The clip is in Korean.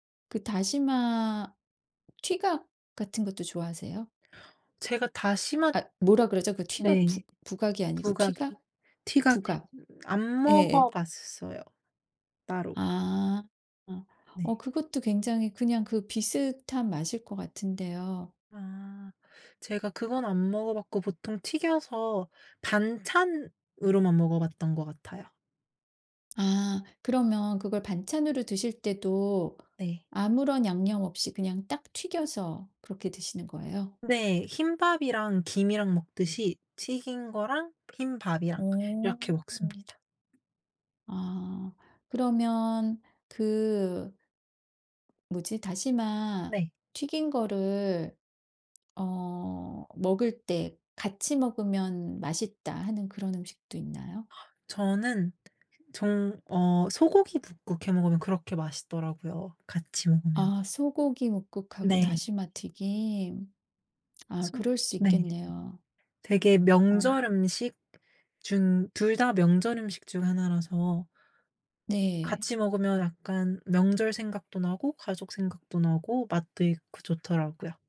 그 다시마 튀각 같은 것도 좋아하세요? 제가 다시마 앗 뭐라 그러죠? 그 튀각 부 네. 부각이 아니고 부각이. 튀각? 튀각 부각. 안 예예. 먹어봤어요 따로. 아. 네. 어 그것도 굉장히 그냥 그 비슷한 맛일 것 같은데요. 아 제가 그건 안 먹어봤고 보통 튀겨서 반찬으로만 먹어봤던 것 같아요. 아 그러면 그걸 반찬으로 드실 때도 네. 아무런 양념 없이 그냥 딱 튀겨서 그렇게 드시는 거예요? 네. 흰밥이랑 김이랑 먹듯이 튀긴 거랑 흰밥이랑 어. 이렇게 먹습니다. 아 그러면 그 뭐지? '다시마 네. 튀긴 거를 어 먹을 때 같이 먹으면 맛있다.' 하는 그런 음식도 있나요? 저는 정 어 소고기 뭇국 해 먹으면 그렇게 맛있더라고요 같이 먹으면. 아 소고기 뭇국하고 네. 다시마 튀김. 아 스와 그럴 수 네. 있겠네요. 되게 어. 명절 음식 중 2 다 명절 음식 중 1 라서 네. 같이 먹으면 약간 명절 생각도 나고 가족 생각도 나고 맛도 있고 좋더라고요.